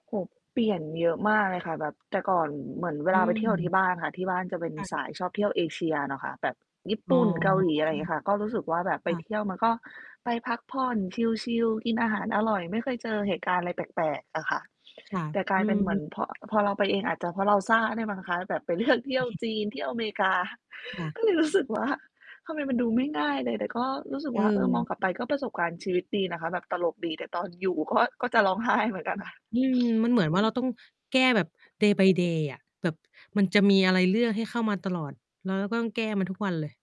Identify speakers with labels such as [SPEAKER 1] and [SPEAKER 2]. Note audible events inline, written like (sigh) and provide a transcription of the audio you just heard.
[SPEAKER 1] โอ้โฮ เปลี่ยนเยอะมากเลยค่ะ แบบ แต่ก่อนเหมือนเว
[SPEAKER 2] อื
[SPEAKER 1] ลาไปเที่ยวกับที
[SPEAKER 2] ม
[SPEAKER 1] ่บ้านอะค่ะ ที่บ้านจะเป็น
[SPEAKER 2] ค่
[SPEAKER 1] ส
[SPEAKER 2] ะ
[SPEAKER 1] ายชอบเที่ยวเอเชียนะคะ แบบญี่
[SPEAKER 2] อ๋
[SPEAKER 1] ป
[SPEAKER 2] อ
[SPEAKER 1] ุ่น เกาหลี อะไรอย่างเงี้ยค่ะ ก็รู้สึกว่าแบบไ
[SPEAKER 2] ค
[SPEAKER 1] ป
[SPEAKER 2] ่ะ
[SPEAKER 1] เที่ยว มันก็ไปพักผ่อนชิล ๆ กินอาหารอร่อย ไม่เคยเจอเหตุการณ์อะไรแปลก ๆ อะค่ะ
[SPEAKER 2] ค่ะ
[SPEAKER 1] แต่กลา
[SPEAKER 2] อื
[SPEAKER 1] ยเป็นเหมือน
[SPEAKER 2] ม
[SPEAKER 1] พอ พอเราไปเอง อาจจะเพราะเราซ่าด้วยมั้งคะ แบบไป เลือก เที่ยว
[SPEAKER 2] (chuckles)
[SPEAKER 1] จีน เที่ยวอเมริ กา
[SPEAKER 2] ค่ะ
[SPEAKER 1] ก็เลยรู้สึกว่า ทำไมมันดูไม่ง่ายเลย แต่ก็รู้สึกว่า เออ มอ
[SPEAKER 2] เอ
[SPEAKER 1] ง
[SPEAKER 2] อ
[SPEAKER 1] กลับไป ก็ประสบการณ์ชีวิตดีนะคะ แบบตลกดี แต่ตอนอยู่ ก็ ก็จะร้องไห้เหมือนกันค่ะ (sniffs)
[SPEAKER 2] อืม มันเหมือน
[SPEAKER 1] อ
[SPEAKER 2] ว
[SPEAKER 1] ื
[SPEAKER 2] ่าเรา
[SPEAKER 1] ม
[SPEAKER 2] ต้องแก้แบบ day by day อะ แบบมันจะมีอะไรเรื่อให้เข้ามาตลอด แล้วเราก็ต้องแก้มันทุกวันเลย